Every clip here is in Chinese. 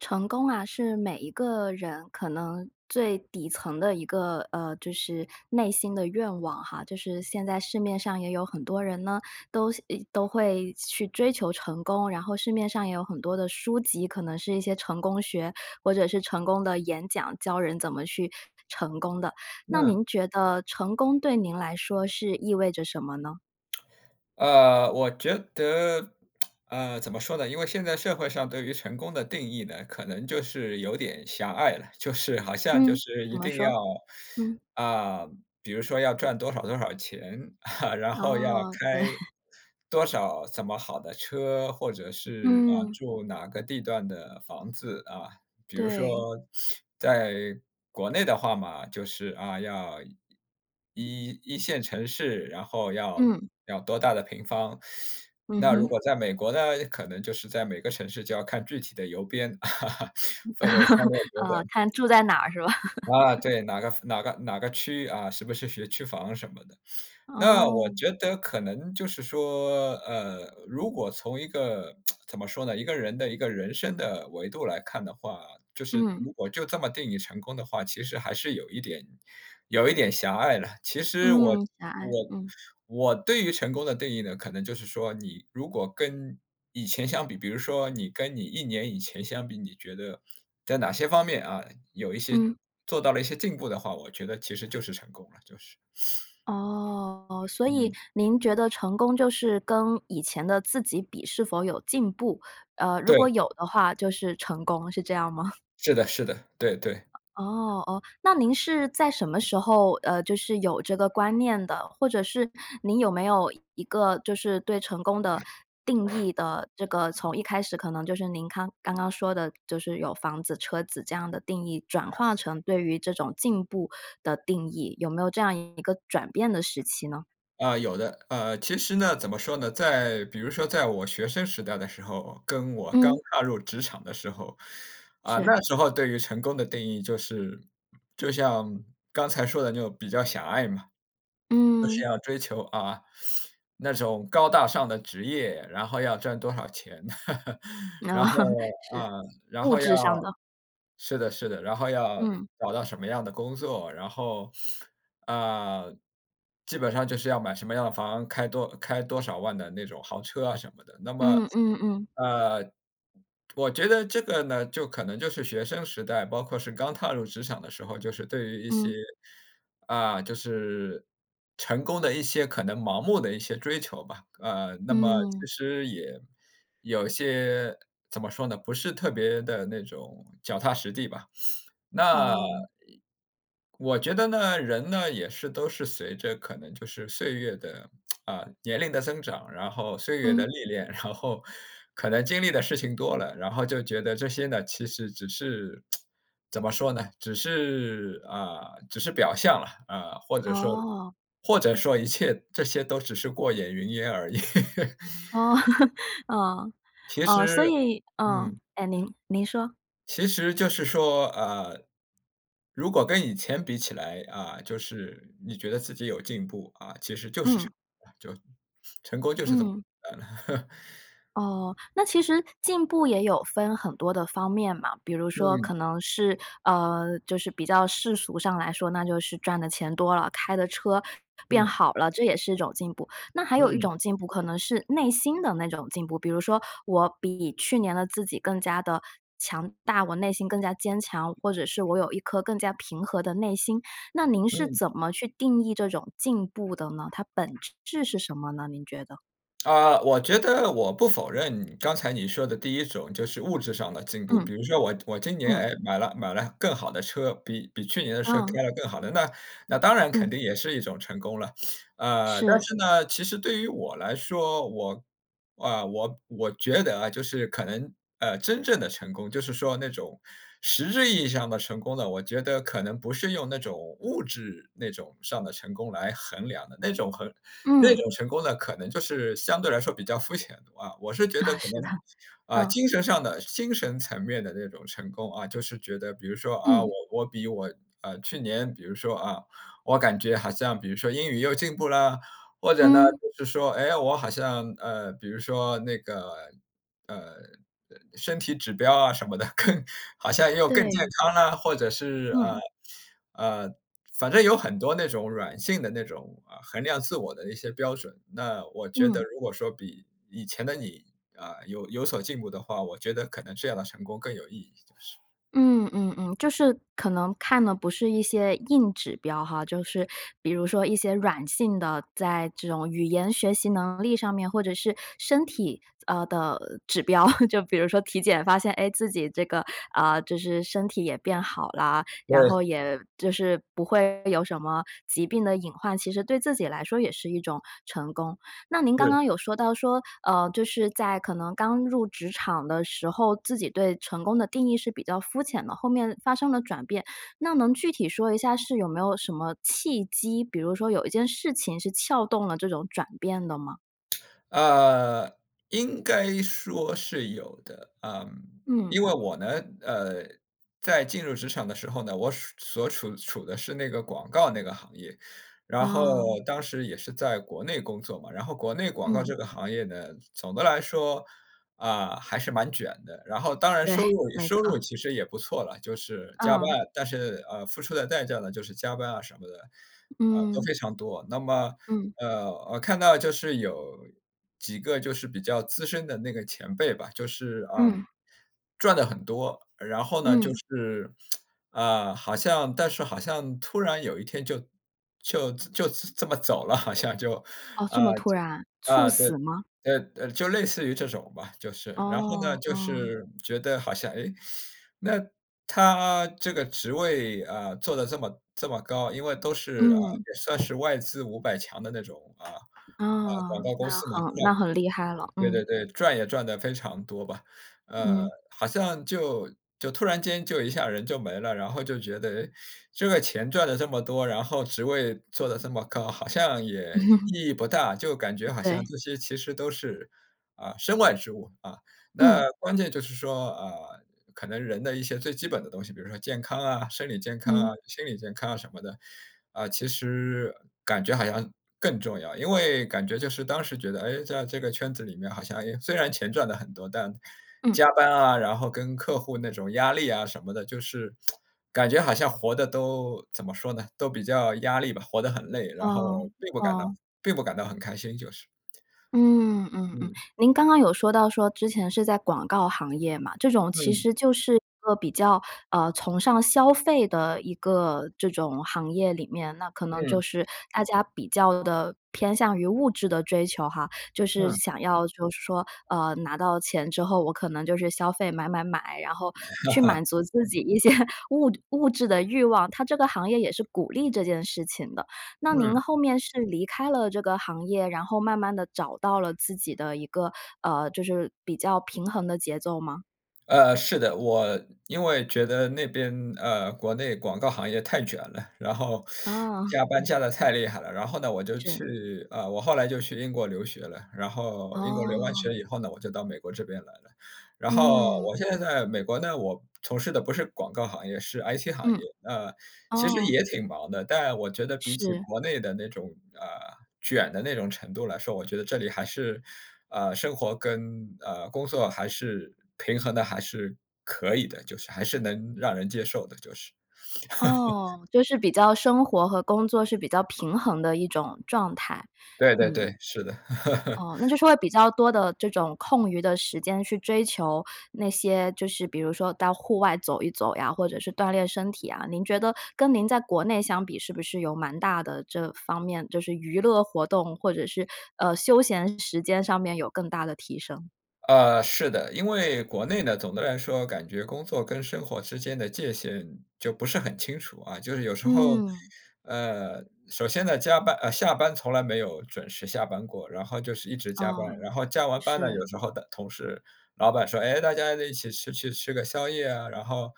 成功啊是每一个人可能最底层的一个，呃，就是内心的愿望哈，就是现在市面上也有很多人呢，都希，诶，都会去追求成功，然后市面上也有很多的书籍，可能是一些成功学，或者是成功的演讲，教人怎么去成功的，那嗯。您觉得成功对您来说是意味着什么呢？呃，我觉得，呃，怎么说呢？因为现在社会上对于成功的定义呢，可能就是有点狭隘了，就是好像，就嗯，是怎一么定要，说？嗯。啊，比如说要赚多少多少钱，然后要哦，对。开多少怎么好的车，或者是，呃，嗯。住哪个地段的房子，啊，比如说对。在国内的话嘛，就是，啊，要1，1线城市，然后要，嗯。要多大的平方。嗯那如哼。果在美国呢，可能就是在每个城市，就要看具体的邮编，分为三六 九啊，等。看住在哪儿，是吧？啊，对，哪个夫哪个哪个区域啊，是不是学区房什么的。那我哦。觉得可能，就是说，呃，如果从一个，怎么说呢？一个人的一个人生的维度来看的话，就是嗯。如果就这么定义成功的话，其实还是有一点有一点狭隘了，其实我嗯，狭隘，我嗯。我对于成功的定义呢可能，就是说你如果跟以前相比，比如说你跟你1年以前相比，你觉得在哪些方面啊，有一些嗯。做到了一些进步的话，我觉得其实就是成功了，就是。哦，所以嗯。您觉得成功就是跟以前的自己比是否有进步，呃，如果对。有的话就是成功，是这样吗？是的，是的，对，对。哦，哦。那您是在什么时候，呃，就是有这个观念的，或者是您有没有一个，就是对成功的定义的这个从一开始可能就是您康刚刚说的，就是有房子、车子这样的定义转化成对于这种进步的定义，有没有这样一个转变的时期呢？呃，有的，呃，其实呢，怎么说呢？在比如说在我学生时代的时候，跟我刚嗯。踏入职场的时候，啊，是。那时候对于成功的定义就是就像刚才说的那种比较狭隘嘛，就是嗯。要追求，啊，那种高大上的职业，然后要赚多少钱。啊，然后 是。啊，然物后要质上的。是的，是的，然后要嗯。找到什么样的工作，然后呃，基本上就是要买什么样的房，开多开多少万的那种豪车啊什么的。那么，嗯，嗯，嗯。呃，我觉得这个呢，就可能，就是学生时代，包括是刚踏入职场的时候，就是对于一些，嗯。啊，就是成功的一些可能盲目的一些追求吧。呃，那么其嗯。实也有些，怎么说呢？不是特别地那种脚踏实地吧。那哦。我觉得呢，人呢，也是，都是随着可能，就是岁月的 年龄的增长，然后岁月的嗯。历练，然后可能经历的事情多了，然后就觉得这些呢，其实只是 怎么说呢？只是，呃，只是表象了，啊，或者说哦。或者说一切这些都只是过眼云烟而已。哦，啊，其啊，所实，以，嗯，嗯。哎，您您说。其实，就是说，呃，如果跟以前比起来，啊，就是你觉得自己有进步啊，其实就是成嗯。就成功就是这么嗯。呃。哦，那其实进步也有分很多的方面嘛，比如说可嗯。能是，呃，就是比较世俗上来说，那就是赚的钱多了，开的车变嗯。好了，这也是一种进步。那还有一嗯。种进步可能是内心的那种进步，比如说我比去年的自己更加得强大，我内心更加坚强，或者是我有一颗更加平和的内心。那您是嗯。怎么去定义这种进步的呢，它本质是什么呢？您觉得？啊，我觉得我不否认你刚才你说的第一种就是物质上的进步，嗯。比如说我我今年，嗯。哎，买了买了更好的车，比比去年的车嗯。开了更好的，那那当然肯嗯。定也是一种成功了。呃，但是。是呢，其实对于我来说我，啊我我觉得啊就是可能，呃，真正的成功就是说那种实质意义上的成功呢，我觉得可能不是用那种物质那种上的成功来衡量的，那种很那嗯。种成功的可能就是相对来说比较肤浅的啊。我是觉得啊，可是的，能，啊嗯。精神上的，精神层面的那种成功啊，就是觉得比如说啊我嗯。我比我，呃，去年比如说啊，我感觉好像比如说英语又进步啦，或者呢嗯。就是说哎我好像呃，比如说那个，呃，身体指标啊什么的更好像又更健对。康了，或者是呃嗯。呃，反正有很多那种软性的那种，呃，衡量自我的一些标准，那我觉得嗯。如果说比以前的你，呃，有有所进步的话，我觉得可能这样的成功更有意义。是。嗯嗯嗯，就是可能看的不是一些硬指标哈，就是比如说一些软性的，在这种语言学习能力上面，或者是身体，呃的指标。就比如说体检发现哎，自己这个，呃，就是身体也变好了，然后对。也就是不会有什么，疾病的隐患，其实对自己来说也是一种成功。那您刚是。刚有说到说，呃，就是在可能刚入职场的时候，自己对成功的定义是比较肤浅的，后面发生了转变，那能具体说一下是有没有什么契机，比如说有一件事情是撬动了这种转变的吗？呃，应该说是有的，嗯。嗯。因为我呢，呃，在进入职场的时候呢，我所所处处的是那个广告那个行业，然后哦。当时也是在国内工作嘛。然后国内广告嗯。这个行业呢，总的来说，呃，还是蛮卷的。然后当然对，收入没收错。入其实也不错啦，就是加班，嗯。但是，呃，付出的代价呢就是加班啊什么的，呃，都嗯。非常多。那么，嗯。呃，我看到就是有几个就是比较资深的那个前辈吧，就是啊，嗯。赚得很多，然后呢就嗯。是，呃好像但是好像突然有一天就就就这么走了好像就。哦，啊这么突然，猝啊死吗？对，对就就类似于这种吧，就是然后呢哦，就哦。是觉得好像哎，那他这个职位啊做得这么，这么高，因为都是，呃，嗯。也算是外资500强的那种啊，广啊，告公那司，很那 [unintelligible] 很厉害了，对嗯。对对，赚也赚得非常多吧。呃嗯。好像就就突然间就一下人就没了，然后就觉得诶，这个钱赚了这么多，然后职位做得这么高，好像也 意义不大，就感觉好像对。这些其实都是啊身外之物，啊。嗯。那关键就是说，呃，可能人的一些最基本的东西，比如说健康啊、生理健康嗯。啊、心理健康啊什么的，啊，其实感觉好像更重要。因为感觉就是当时觉得，诶，在这个圈子里面好像，哎，虽然钱赚得很多，但加嗯。班啊然后跟客户那种压力啊什么的，就是 感觉好像活得都怎么说呢，都比较压力吧，活得很累，然后哦，并不感到哦。并不感到很开心就是。嗯嗯嗯，嗯。您刚刚有说到说之前是在广告行业嘛，这种其嗯。实就是一个比较，呃，崇尚消费的一个这种行业里面，那可能就嗯。是大家比较地偏向于物质的追求哈。就是嗯。想要就是说呃，拿到钱之后，我可能就是消费买买买，然后去满 足自己一些物质物质的欲望，它这个行业也是鼓励这件事情的。那您嗯。后面是离开了这个行业，然后慢慢地找到了自己的一个，呃，就是比较平衡的节奏吗？呃，是的，我因为觉得那边，呃，国内广告行业太卷了，然后哦。加班 加得太厉害了。然后呢，我就是。去呃我后来就去英国留学了，然后英国留完哦。学以后呢，我就到美国这边来了。然后嗯。我现在在美国呢，我从事的不是广告行业，是 IT 行业，嗯。呃，其实哦。也挺忙的，但我觉得比起是。国内的那种，呃，卷的那种程度来说，我觉得这里还是，呃，生活跟，呃，工作还是平衡的还是可以的，就是还是能让人接受的就是。哦，就是比较生活和工作是比较平衡的一种状态。对对嗯。对，是的。哦，那就是说会比较多的这种空余的时间去追求那些就是比如说到户外走一走呀，或者是锻炼身体啊。您觉得跟您在国内相比是不是有蛮大的这方面就是娱乐活动，或者是，呃，休闲时间上面有更大的提升？呃，是的，因为国内呢，总的来说感觉工作跟生活之间的界限就不是很清楚啊。就是有时候，嗯。呃，首先呢，加班呃，下班从来没有准时下班过，然后就是一直加班，哦，然后加完班呢，是。有时候的同事老板说，哎，大家再一起吃去吃个宵夜啊，然后，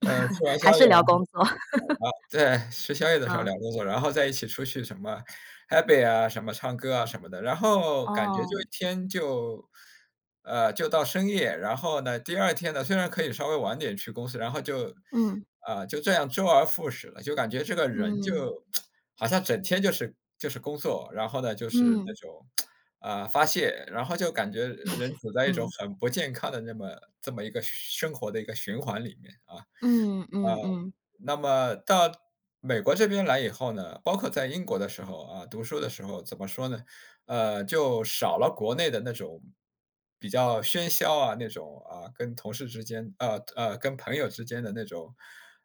呃，吃完 宵还夜是聊工作。然后对，吃宵夜的时候聊啊。工作，然后在一起出去什么 Happy 啊，什么唱歌啊什么的，然后感觉哦。就一天就呃就到深夜。然后呢，第2天呢虽然可以稍微晚点去公司，然后就，嗯。呃，就这样周而复始了，就感觉这个人就，嗯。好像整天就是就是工作。然后呢，就是那嗯。种，呃，发泄，然后就感觉人 处在一种嗯。很不健康的那么这么一个生活的一个循环里面啊。嗯呃，嗯嗯。那么到美国这边来以后呢，包括在英国的时候啊，读书的时候怎么说呢，呃，就少了国内的那种比较喧嚣啊，那种，呃，跟同事之间，呃呃，跟朋友之间的那种，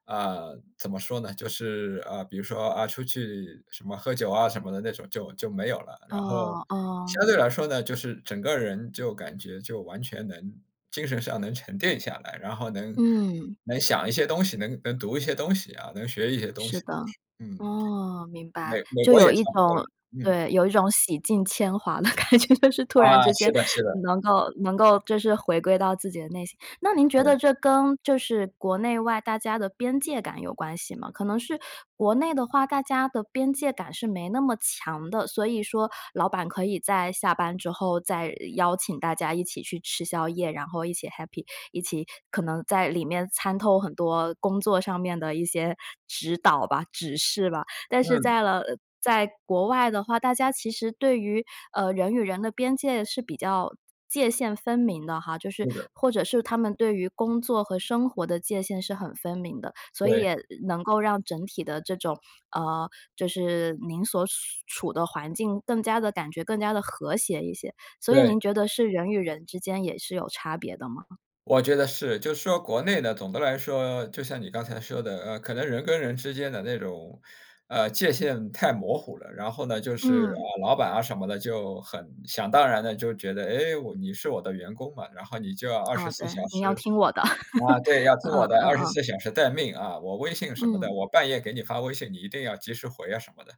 呃，怎么说呢，就是，呃，比如说，呃，出去什么喝酒啊什么的那种就就没有了。然后哦，哦。相对来说呢，就是整个人就感觉就完全能精神上能沉淀下来，然后能嗯。能想一些东西，能能读一些东西啊，能学一些东是西的，就是，嗯，哦，明白，美美就国也有一差不多种了，嗯。对，有一种洗尽铅华的感觉。就是突然啊，之间是的，是的。能够能够就是回归到自己的内心。那您觉对。得这跟就是国内外大家的边界感有关系吗？可能是国内的话，大家的边界感是没那么强的。所以说老板可以在下班之后再邀请大家一起去吃宵夜，然后一起 Happy，一起可能在里面掺透很多工作上面的一些指导吧、指示吧。但是嗯。在了在国外的话，大家其实对于，呃，人与人的边界是比较界限分明的哈，就是是的。或者是他们对于工作和生活的界限是很分明的。所以对。也能够让整体的这种，呃，就是您所处的环境更加地感觉更加地和谐一些，所以对。您觉得是人与人之间也是有差别的吗？我觉得是。就是说国内的，总的来说，就像你刚才说的，呃，可能人跟人之间的那种，呃，界限太模糊了。然后呢，就是，啊，嗯。老板啊什么的，就很想当然地就觉得，哎，我你是我的员工嘛，然后你就要二十哦，四对，小你要时，听我的。啊，对，要听嗯，我的，嗯二十嗯。四小时待命啊，我微信什么的，嗯。我半夜给你发微信你一定要及时回啊，什么的。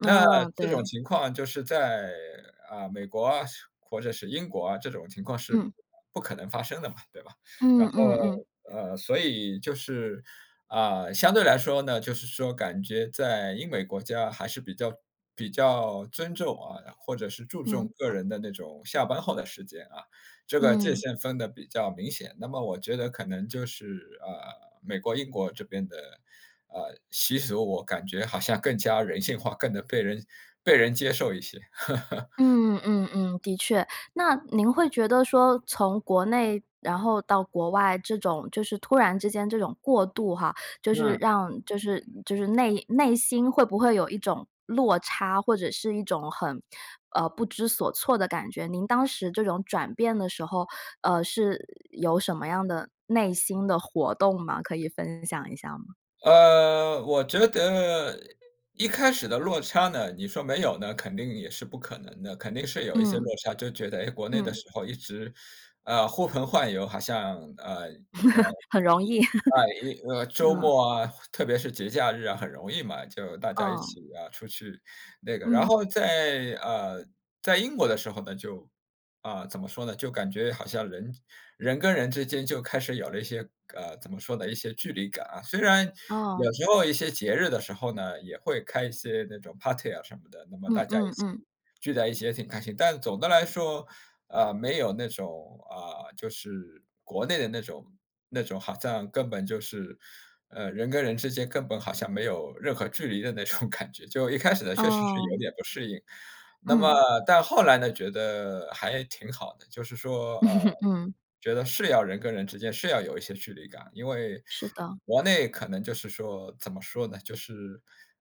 那哦，这种对。情况就是在，啊，美国啊，是，或者是英国啊，这种情况是嗯。不可能发生的嘛，对吧？嗯，然嗯，嗯。后，呃，所以，就是，呃，相对来说呢，就是说感觉在英美国家还是比较比较尊重啊，或者是注嗯。重个人的那种下班后的时间啊，这个界嗯。限分得比较明显。那么我觉得可能就是，呃，美国、英国这边的，呃，习俗，我感觉好像更加人性化，更能被人，被人接受一些。嗯，嗯，嗯，的确。那您会觉得说从国内，然后到国外这种，就是突然之间这种过渡哈，就是嗯。让就是就是内内心会不会有一种落差，或者是一种很呃，不知所措的感觉。您当时这种转变的时候，呃，是有什么样的内心的活动吗？可以分享一下吗？呃，我觉得一开始的落差呢，你说没有呢，肯定也是不可能的，肯定是有一些嗯。落差，就觉得，诶，国内的嗯。时候一直，啊，呼朋唤友，好像呃那嗯 很容易。呃因 呃周啊。末啊，特特别是节假日啊，很容易嘛，就大家一嗯。起，啊，出去那个然嗯。后在，呃，在英国的时候呢，就啊怎么说呢？就感觉好像人人跟人之间就开始有了一些，呃，怎么说呢？一些距离感啊，虽然哦。有时候一些节日的时候呢，也会开一些那种 party 啊什么的，那么嗯，大家一嗯，起，嗯。聚在一起也挺开心。但总的来说，呃，没有那种，啊，就是国内的那种那种好像根本，就是，呃，人跟人之间根本好像没有任何距离的那种感觉，就一开始呢确实是有哦。点不适应。那么，嗯。但后来呢觉得还挺好的，就是说，呃，嗯。觉得是要人跟人之间，是要有一些距离感，因为是的。国内可能，就是说怎么说呢？就是，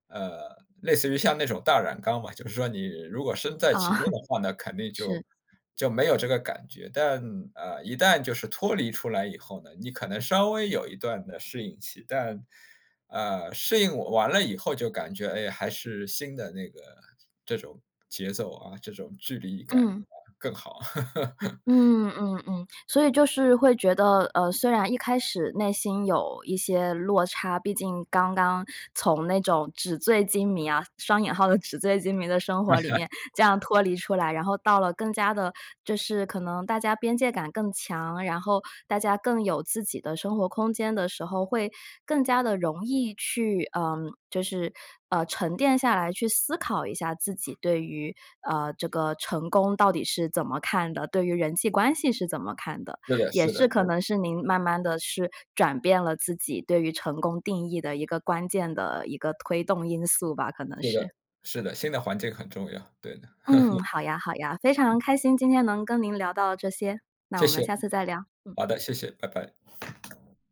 呃，类似于像那种大染缸吧，就是说你如果身在啊，其中的话那肯定，就是。就没有这个感觉，但，呃，一旦就是脱离出来以后呢，你可能稍微有一段的适应期，但呃，适应完了以后就感觉，诶，还是新的那个，这种节奏啊，这种距离感啊，嗯。更好。嗯，嗯，嗯，所以，就是会觉得，呃，虽然一开始内心有一些落差，毕竟刚刚从那种纸醉金迷啊，双引号的纸醉金迷的生活里 面，这样脱离出来，然后到了更加地就是可能大家边界感更强，然后大家更有自己的生活空间的时候，会更加地容易去呃就是呃，沉淀下来去思考一下自己对于，呃，这个成功到底是怎么看的，对于人际关系是怎么看的，是的，也是是的，可对。能是您慢慢地去转变了自己对于成功定义的一个关键的一个推动因素吧，可能是是。的。是的，新的环境很重要，对的。嗯，好呀，好呀。非常开心，今天能跟您聊到这些，那谢我谢。们下次再聊。嗯。好的，谢谢，拜拜。